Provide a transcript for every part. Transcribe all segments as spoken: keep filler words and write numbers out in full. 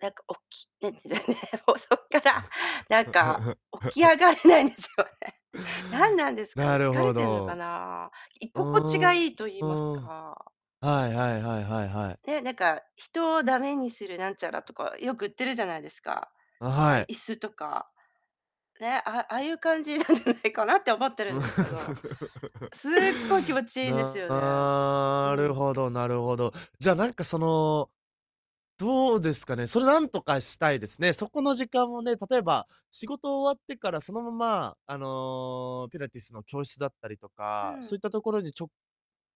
何かおき [unintelligible] ね、もう、そっからなんか、起き 上がれないんですよね。何なんですかね。なる疲れほてんのかど。な。いうここちがーいん。いと言いうますん。はか。いはいはいはいはい。ね。なんか、人を駄目にするなんちゃらとか、よく売ってるじゃないですか。あ、あ、はい。椅子とか。ね。あああいう感じなんじゃないかなって思ってるんですけど。すっごい気持ちいいんですよね。なうるん。ほどなるほど。じゃあ、なんか、その、どうですかね。それ何とかしたいですね。そこの時間をね、例えば、仕事終わってから、そのまま、あの、ピラティスの教室だったりとうか、ん。そういったところに直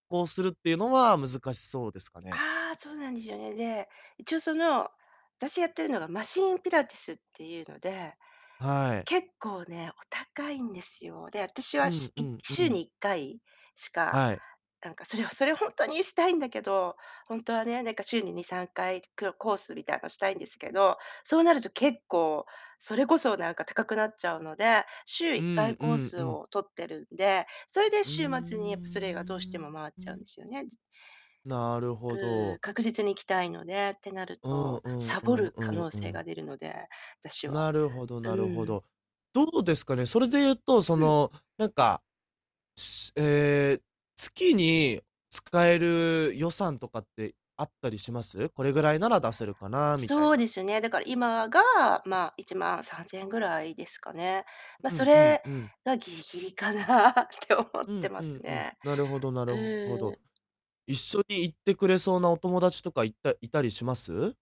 行するっていうのは難しそうですかね？ああ。そうなんですよね。で、一応その、私やってるのがマシーンピラティスっていうので、はい。結構ねお高いんですよ。で、私うは、しんういんう週ん。にいっかいしか、はい。なんか、それはそれ、ほんとにしたいんだけど、ほんとはね。なんか週ににさんかい、くろコースみたいのをしたいんですけど、そうなると結構、それこそ、なんか高くなっちゃうので、週いっうかいんうコーんスうん。を取ってるんで、それでうー週末に、やっぱそれがどうしてん。も回っうちゃうんでん。すよね。じなるうほーん。ど。確実に行きたいのでってなるうんと、うんサうボんるう可ん能う性ん。が出るので、私は。なるほどうなるほん。ど。どうですかね。それで言うと、そうん。の、なんかしええ、月に使える予算とかってあったりします？これぐらいなら出せるかなみたいそうな。ですね。だから、今が、まあ、いちまんさんぜんえんぐらいですかね。まあ、うそんうんれうん。がギリギリかなって思っうてんまうすんうん。ね。なるほどなうるほーど。ん。一緒に行ってくれそうなお友達とかいったいたりします？